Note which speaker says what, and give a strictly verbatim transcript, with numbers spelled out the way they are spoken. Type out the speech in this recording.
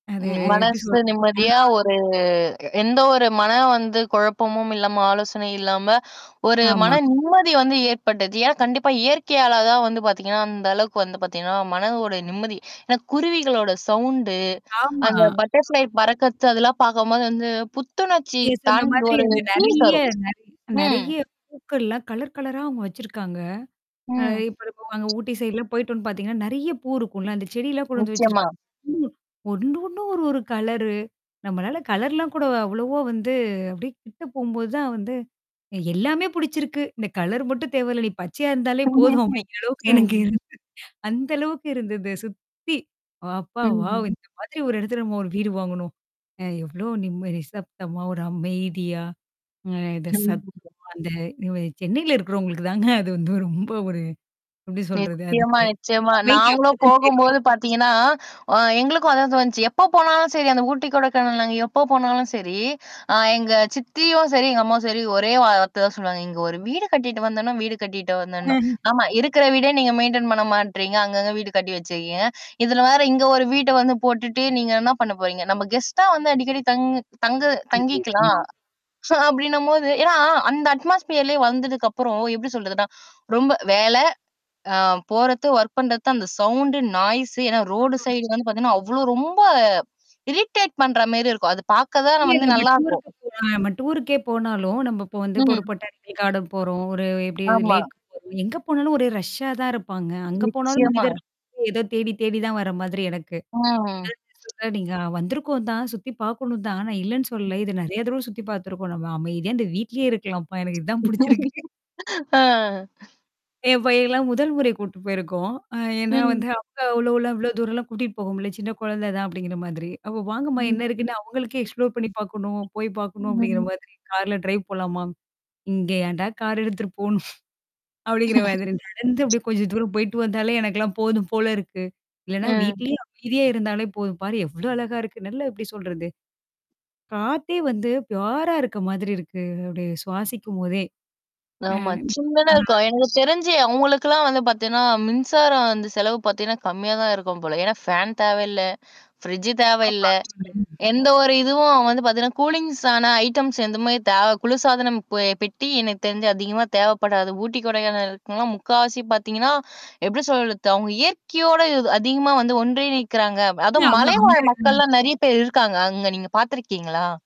Speaker 1: ம்,
Speaker 2: அதே
Speaker 1: ம்.
Speaker 2: எப்பிடி
Speaker 1: மனசு
Speaker 2: சொல்லுறதுன்னா?
Speaker 1: நிம்மதியா ஒரு எந்த ஒரு மன வந்து குழப்பமும் இல்லாம ஆலோசனையும் இல்லாம, ஒரு
Speaker 2: ஆமா.
Speaker 1: மன நிம்மதி வந்து ஏற்பட்டுது. ஏன்னா கண்டிப்பா, இயற்கையால தான் வந்து பாத்தீங்கன்னா, அந்த அளவுக்கு வந்து பாத்தீங்கன்னா, மனதோட நிம்மதி. ஏன்னா குருவிகளோட சவுண்டு,
Speaker 2: ஆமா,
Speaker 1: அந்த பட்டர்ஃப்ளை பறக்கத்து அதெல்லாம் பார்க்கும்போது வந்து, புத்துணர்ச்சி
Speaker 2: நீங்க சொன்ன
Speaker 1: தாண்டி
Speaker 2: மாதிரி
Speaker 1: ஒரு
Speaker 2: அங்க
Speaker 1: பீல்
Speaker 2: நிறைய
Speaker 1: தரும்.
Speaker 2: [unintelligible]
Speaker 1: ம்.
Speaker 2: நிறைய பூக்கள்லாம் கலர், கலரா அவுங்க வச்சிருக்காங்க. அ
Speaker 1: ம்
Speaker 2: இப்ப அது அங்க ஊட்டி சைட்லாம் போயிட்டோம்ன்னு பாத்தீங்கன்னா, நெறைய பூ இருக்கும்ல. அந்த செடிலாம் கொண்டுவந்து
Speaker 1: நிச்சயமா.
Speaker 2: வச்சிருக்காங்க. ம். ஒண்ணும் ஒண்ணும் ஒரு, ஒரு கலரு. நம்மளால கலர்லாம் கூட அவ்வளவா வந்து அப்பிடியே கிட்டு போம்போது தான் வந்து எ எல்லாமே புடிச்சிருக்கு. இந்த கலர் மட்டும் தேவையில்ல. நீ பச்சையா இருந்தாலே போதும்
Speaker 1: [unintelligible]
Speaker 2: அப்பிடிங்கிற அளவுக்கு எனக்கு
Speaker 1: ம்.
Speaker 2: இருந் அந்த அளவுக்கு இருந்தது சுத்தி. அப்பா வாவ்!
Speaker 1: ம்.
Speaker 2: இந்த மாதிரி ஒரு இடத்துல நம்ம ஒரு வீடு வாங்கணும். அ எவ்ளோ நிம்ம நிசப்தமா ஒரு அமைதியா அ இத
Speaker 1: ம்
Speaker 2: சத்
Speaker 1: [unintelligible]
Speaker 2: அந்த [unintelligible] சென்னையில இருக்கிறவங்களுக்கு தாங்க அது வந்து ரொம்ப ஒரு எப்பிடி சொல்றது
Speaker 1: நிச்சயமா,
Speaker 2: அதுக்கு
Speaker 1: நிச்சயமா.
Speaker 2: அமைதி
Speaker 1: நாங்களும்
Speaker 2: அப்பதான் தெரியும்.
Speaker 1: போகும்போது பாத்தீங்கன்னா, அ எங்களுக்கும் அதான் தோணுச்சு. எப்போ போனாலும் சரி அந்த ஊட்டி, கொடைக்கானல் எப்போ போனாலும் சரி, அ எங்க சித்தியும் சரி, எங்க அம்மாவும் சரி ஒரே வார்த்த தான் சொல்லுவாங்க. "இங்க ஒரு வீடு கட்டிட்டு வந்தேனும் வீடு கட்டிட்டு வந்தேனும்."
Speaker 2: [unintelligible]
Speaker 1: ஆமா இருக்கிற வீடே நீங்க மெயின்டெயின் பண்ண மாட்றீங்க. அங்கங்க வீடு கட்டி வச்சிருக்கீங்க. இதுல வேற இங்க ஒரு வீட்ட வந்து போட்டுட்டு, நீங்க என்ன பண்ண போறீங்க? நம்ம கெஸ்ட்டா வந்து அடிக்கடி தங் தங்கு தங்கிக்கலாம்.
Speaker 2: அதேதாங்க.
Speaker 1: அப்பிடின்னும்போது, ஏன்னா, அந்த அட்மாஸ்பீியர்லே வந்ததுக்கப்புறம் எப்பிடி சொல்றதுன்னா ரொம்ப வேல ஆ போறது ஒர்க் பண்றது தான் அந்த சவுண்டு நாய்ஸ் ஏன்னா ரோடு
Speaker 2: ஆ.
Speaker 1: சைடு வந்து பாத்தீங்கன்னா, அவ்ளோ ரொம்ப இரிட்டேட் பண்ற மாரி இருக்கும். அது பார்க்க தான்
Speaker 2: இல்ல
Speaker 1: நம்ம வந்து
Speaker 2: நம்ம
Speaker 1: நல்லாருக்கும்.
Speaker 2: டூர்ருக்கு போனாலும் நம்ம டூர்ருக்கே போனாலும், நம்ம இப்போ வந்து இப்ப
Speaker 1: ம்.
Speaker 2: ஒரு பொட்டானிக்கல் கார்டன் போறோம். ஒரு எப்பிடி
Speaker 1: ஆமா.
Speaker 2: லேக் போறோம். எங்க போனாலும் ஒரே ரஷ்ஷா தான் இருப்பாங்க. அங்க போனாலும்
Speaker 1: நிச்சயமா.
Speaker 2: மனிதர்கள் ஏதோ தேடி, தேடி தான் வர்ற மாதிரி எனக்கு.
Speaker 1: ஆ.
Speaker 2: [unintelligible] நீங்க வந்திருக்கோந்தான் சுத்தி பார்க்கணும் தான். நான் இல்லன்னு சொல்லல. இத நெறைய தடவ சுத்தி பார்த்துருக்கோம். நம்ம அமைதியா இந்த வீட்லயே இருக்கலாம்ப்பா, எனக்கு இதான் புடிச்சிருக்கு.
Speaker 1: ஆ.
Speaker 2: என் பையன்லாம் முதல் முறை கூட்டிட்டு போயிருக்கோம். அ ஏன்னா
Speaker 1: ம்
Speaker 2: வந்து அங்க அவ்ளோலாம் இவ்ளோ தூரம்லாம் கூட்டிட்டு போக முடியல. சின்ன குழந்தை தான் அப்பிடிங்கிற மாதிரி. அப்ப வாங்கம்மா என்ன
Speaker 1: ம்.
Speaker 2: இருக்குன்னு அவுங்களுக்கே எக்ஸ்ப்ளோர் பண்ணி பார்க்கணும், போய் பார்க்கணும் அப்பிடிங்கிற
Speaker 1: [unintelligible]
Speaker 2: மாதிரி கார்ல டிரைவ் போலாம்மா! இங்க ஏன்டா கார் எடுத்துட்டு போணும்? அப்பிடிங்கிற மாதிரி. நடந்து அப்பிடியே கொஞ்ச தூரம் போயிட்டு வந்தாலே எனக்கெல்லாம் போதும் போல இருக்கு. இல்லனா
Speaker 1: ஆ.
Speaker 2: வீட்லயே அமைதியா இருந்தாலே போதும் பாரு! எவ்ளோ அழகா இருக்கு? நல்லா எப்பிடி சொல்றது? காத்தே வந்து ஃப்யுரா இருக்க மாதிரி இருக்கு. அப்பிடி சுவாசிக்கும்போதே! அ,
Speaker 1: ஆமா. சின்னதா
Speaker 2: ஆ.
Speaker 1: இருக்கும். எனக்கு தெரிஞ்சு அவுங்களுக்கலாம் வந்து பாத்தீங்கன்னா, மின்சாரம் வந்து செலவு பாத்தீங்கன்னா, கம்மியா தான் இருக்கும் போல. ஏன்னா ஃபேன் தேவையில்ல, ஃப்ரிட்ஜ்
Speaker 2: ஆமா.
Speaker 1: தேவையில்ல
Speaker 2: அது ஒண்ணு.
Speaker 1: எந்த ஒரு இதுவும் வந்து பாத்தீங்கன்னா கூலிங்ஸான ஐட்டம்ஸ் எந்தமாரி தேவ குளிர்சாதனம் பெ பெட்டி எனக்கு தெரிஞ்சு அதிகமா தேவைப்படாது. ஊட்டி, கொடைக்கானல் இருக்கனும்னா முக்காவாசி பாத்தீங்கன்னா, எப்பிடி சொல்றது? அவுங்க இயற்கையோட இ அதிகமா வந்து ஒன்றி நிற்கிறாங்க.
Speaker 2: இல்ல.
Speaker 1: அதுவும்
Speaker 2: அவுங்க அங்க
Speaker 1: மலைவாழ்
Speaker 2: ம்.
Speaker 1: மக்கள்லாம் நெறைய பேர் இருக்காங்க. அங்க நீங்க பார்த்துருக்கீங்களா?